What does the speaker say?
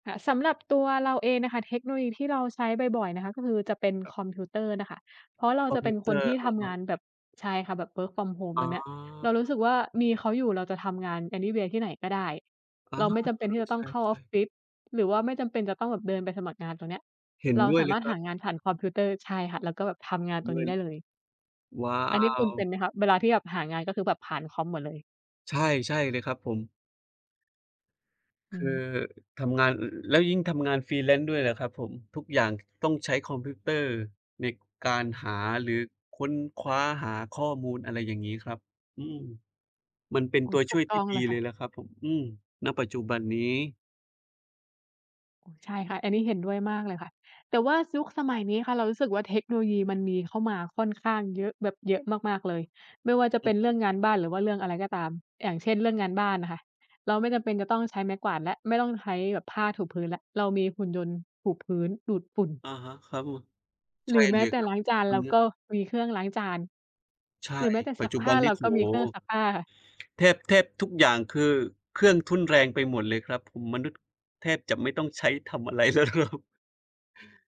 ค่ะ สำหรับตัวเราเองนะคะ เทคโนโลยีที่เราใช้บ่อย ๆ นะคะ ก็คือจะเป็นครับ คอมพิวเตอร์น่ะคะ เพราะเราคอจมะพเปิ็วนเตคอนรท์ ี่อทะฮำงะ านแบบ ใช่ค่ะ แบบ work from home อ๋ตรงเนี้ย เรารูอ ้สึกว่ามีเขาอยู่เราจะทำงาน anyway ที่ไหนก็ได้ อ๋อ เราไม่จำเปเ็อนอ ที่จะต้ใอชงเข้าออ่ ฟๆ ฟิศ หรือว่าไม่จำเป็นจะต้องแบบเดินไปสมัครงานตรงเนี้ย เห็นเราด้วสยาเลมายรถครหัาบ งานผ่านคอมพิวเตอร์ ใช่ค่ะ แล้วก็แบบทำงานตดร้งนวี้ย ได้เลย ว้าอันนี้คุณเป็ว! นไหมคะ เวลาที่แบบหางาน ก็คือแบบผ่านคอมหมดเลย? ใช่ ๆ เลยครับผม อืคือม ทำงาน แล้วยิ่งทำงาน freelance ด้วยนะครับผม ทุกอย่างต้องใช้คอมพิวเตอร์ในการหา หรือค้นคว้าหาข้อมูล อะไรอย่างงี้ครับ อืม มันเป็นอืตัม วถชู่วกยตท้ีอ่งดเีลยเค่ละ ยล่ะครับผม อืม ณ ปัจจุบันนี้ โอ้ ใช่ค่ะ อันนี้เห็นด้วยมากเลยค่ะ แต่ว่ายุคสมัยนี้ค่ะ เรารู้สึกว่า เทคโนโลยีมันมีเข้ามาค่อนข้างเยอะ แบบเยอะมาก ๆ เลย ไม่ว่าจะอเปื็อนฮเรื่ึ องงานบ้าน หรือว่าเรื่องอะไรก็ตาม อย่างเช่น เรื่องงานบ้านอะค่ะ เราไม่จำเป็นจะต้องใช้ไม้กวาด และไม่ต้องใช้แบบผ้าถูพื้น และเรามีหุ่นยนต์ถูพื้น ดูดฝุ่น อะฮะ ครับผม ใหชรื่อแมเ้ลยแต่ครัลบ ้างจาน เราก็มีเครื่องล้างจาน ใช่ หรือแม้แต่ปซััจกจุผบ้ัา นนเีร้ าโอ้ก็โฮ มีเครื่องซักผ้า แทบ แทบทุกอย่าง คือเครื่องทุ่นแรงไปหมดเลยครับผม มนุษย์แทบจะไม่ต้องใช้ทำ อะไรแล้วครับ